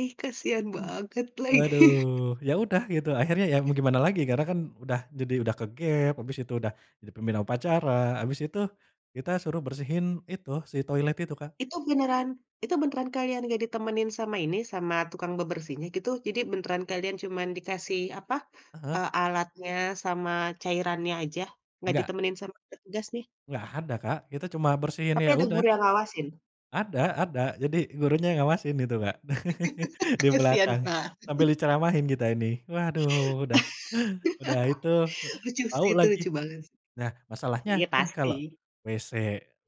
Ih, kasihan banget, lagi. Waduh. Ya udah gitu, akhirnya ya mau gimana lagi, karena kan udah jadi udah ke-gap, abis itu udah jadi pemimpin upacara, abis itu kita suruh bersihin itu, si toilet itu, Kak. Itu beneran itu beneran kalian enggak ditemenin sama ini, sama tukang bebersihnya, gitu? Jadi, beneran kalian cuman dikasih apa, Aha. eee, alatnya sama cairannya aja, enggak Enggak. ditemenin sama petugas, nih? Enggak ada Kak, kita cuma bersihin, Tapi, ya ada udah. guru yang ngawasin? Ada ada. Jadi, gurunya ngawasin itu, Kak, di Kasihan belakang, banget. sambil diceramahin kita ini. Waduh, udah udah itu, Lucu tahu sih. Itu, lagi. lucu banget. Nah, masalahnya Iya kan, kalau pasti. WC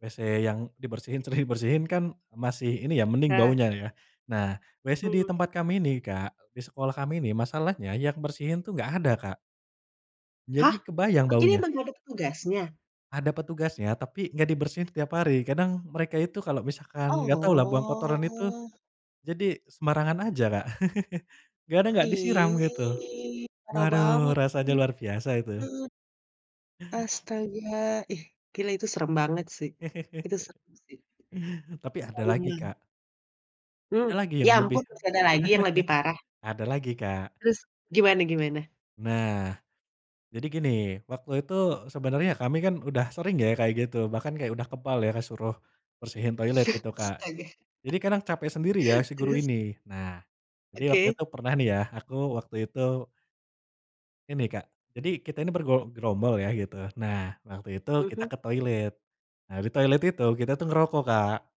WC yang dibersihin, sering dibersihin kan masih ini ya, mending Nah. baunya, ya. Nah, WC di Hmm. tempat kami ini Kak, di sekolah kami ini masalahnya yang bersihin tuh enggak ada, Kak. Jadi, Hah? kebayang Berarti ini baunya. emang enggak ada petugasnya? Ada petugasnya, tapi enggak dibersihin tiap hari. Kadang mereka itu kalau misalkan, enggak tahu lah buang kotoran itu, Oh. jadi sembarangan aja, Kak. Gadang enggak disiram, gitu. Ih. Parah Waduh, banget. rasanya luar biasa itu. [unintelligible] Astaga, ih, gila itu serem banget, sih. Itu serem, sih. Tapi, ada lagi Trauma. Kak. Hmm, Ada lagi yang ya lebih ampun masih ada lagi yang lebih parah? ada lagi, Kak. Terus, gimana gimana? Nah, jadi gini, waktu itu sebenernya kami kan, udah sering ya kayak gitu. Bahkan kayak udah kebal ya, ke suruh bersihin toilet gitu, Kak. Astaga. Jadi, kadang capek sendiri ya, si guru Terus? ini. Nah, jadi waktu Oke. itu pernah nih ya, aku waktu itu ini Kak, jadi kita ini bergo gerombol ya, gitu. Nah, waktu itu kita Mhm. ke toilet. Nah, di toilet itu kita tuh ngerokok Kak.